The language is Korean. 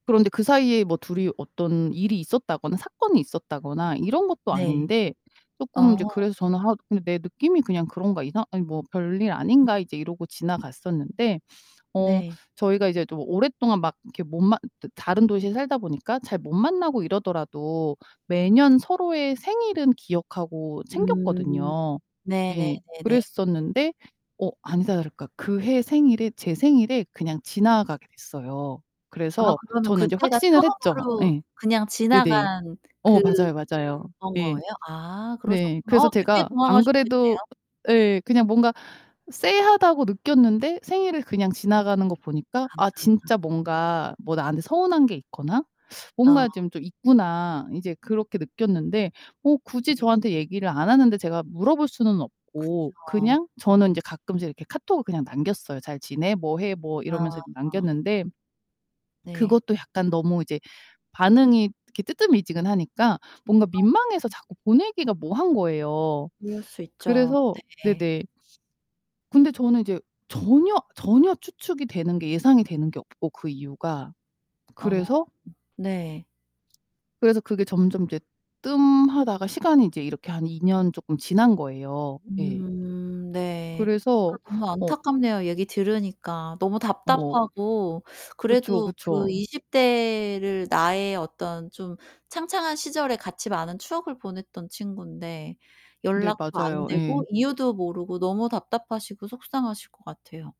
그런데 그 사이에 뭐 둘이 어떤 일이 있었다거나 사건이 있었다거나 이런 것도 네. 아닌데 쪼끔 아. 이제 그래서 저는 하 '내 느낌이 그냥 그런가? 이상 아니 뭐 별일 음. 아닌가?' 이제 이러고 지나갔었는데 어 네. 저희가 이제 좀 오랫동안 막 이렇게 못 만 드 다른 도시에 살다가 보니까 잘 못 만나고 이러더라도 매년 서로의 생일은 기억하고 음. 챙겼거든요. 예. 네네네네. 그랬었는데 어 아니다 다를까 그해 생일에 제 생일에 그냥 지나가게 됐어요. 아 그래서 그러면 저는 이제 그때가 확신을 했죠. 처음으로 예. 그냥 네네. 지나간 어 그런 맞아요, 맞아요. 예. 거예요? 아 네. 그러셨구나. 그래서 어 되게 제가 안 당황하셨겠네요. 그래도 예 그냥 뭔가 쎄하다고 느꼈는데 생일을 그냥 지나가는 거 보니까 '아 아. 진짜 뭔가 뭐 나한테 서운한 게 있거나 뭔가 아. 좀 좀 있구나.' 이제 그렇게 느꼈는데 뭐 굳이 네. 저한테 얘기를 안 하는데 제가 물어볼 수는 없고 그쵸. 그냥 저는 인제 가끔씩 이렇게 카톡을 그냥 남겼어요. "잘 지내? 뭐 해?" 뭐 이러면서 아. 남겼는데 네. 그것도 약간 너무 이제 반응이 이렇게 뜨뜨미지근 하니까 뭔가 민망해서 아. 자꾸 보내기가 뭐한 거예요. 그럴 수 있죠. 그래서 네. 네네. 근데 저는 이제 전혀 전혀 추측이 되는 게 예상이 되는 게 없고 그 이유가 어. 그래서 네. 그래서 그게 점점 인제 뜸하다가 시간이 이제 이렇게 한 2 년 쪼끔 지난 거예요. 예. 음 네. 아 그래서 너무 어 안타깝네요. 얘기 들으니까 너무 뭐 답답하고 그쵸, 그래도 그 그쵸. 20 대를 나의 어떤 좀 창창한 시절에 같이 많은 추억을 보냈던 친군데 네 연락도 안 맞아요. 되고 예. 이유도 모르고 너무 답답하시고 속상하실 것 같아요.